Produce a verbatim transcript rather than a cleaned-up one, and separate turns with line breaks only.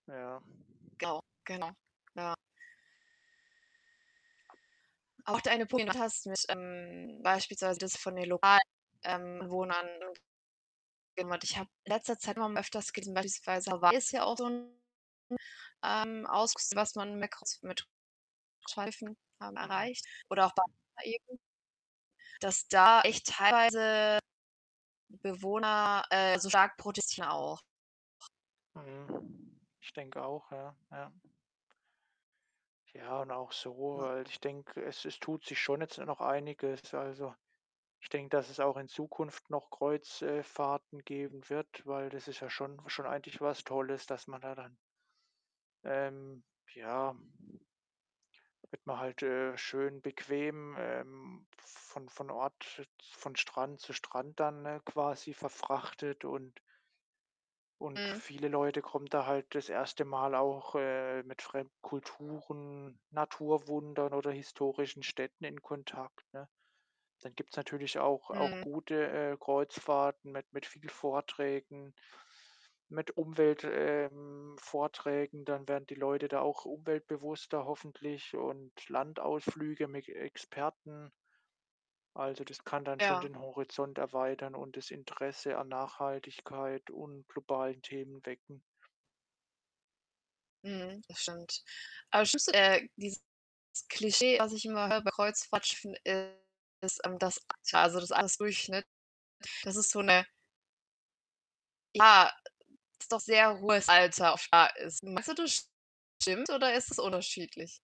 Ja.
Genau, genau, ja. Auch deine Punkt du hast mich ähm, beispielsweise das von den lokalen, ähm, Bewohnern. [unintelligible] ich habe in letzter Zeit immer öfters gesehen, beispielsweise Hawaii ist ja auch so 'n 'n, ähm, [unintelligible] was man mit Kreuz mit [unintelligible]
Mhm.
erreicht oder auch Bali eben dass da echt teilweise Bewohner, äh, so stark protestieren auch.
Mhm. Ich denke auch, ja, ja. Ja, und auch so,
Ma
weil ich denke, es es tut sich schon jetzt noch einiges. Also, ich denke, dass es auch in Zukunft noch Kreuz äh, Fahrten geben wird, weil das ist ja schon schon eigentlich was Tolles, dass man da dann ähm, ja da wird man halt, äh, schön bequem, ähm, von von Ort z von Strand zu Strand dann, äh, quasi verfrachtet und und
Mhm.
viele Leute kommen da halt das erste Mal auch, äh, mit fremden Kulturen, Naturwundern oder historischen Städten in Kontakt, ne? Dann gibt's natürlich auch auch
Mhm.
gute, äh, Kreuzfahrten mit mit viel Vorträgen, mit Umwelt ähm, Vorträgen. Dann werden die Leute da auch umweltbewusster hoffentlich und Landausflüge mick Experten. Also, das kann dann schon
Ja.
den Horizont erweitern und das Interesse an Nachhaltigkeit und globalen Themen wecken.
Mhm, das stimmt. Aber das schlimmste äh, dieses Klischee, was ich immer höre bei Kreuzfahrtschiffen, ist, ähm, das Alter, also, das Altersdurchschnitt. Das ist so 'ne Ja, es doch sehr hohes Alter [unintelligible] ist. Meinst du, das stimmt oder ist es unterschiedlich?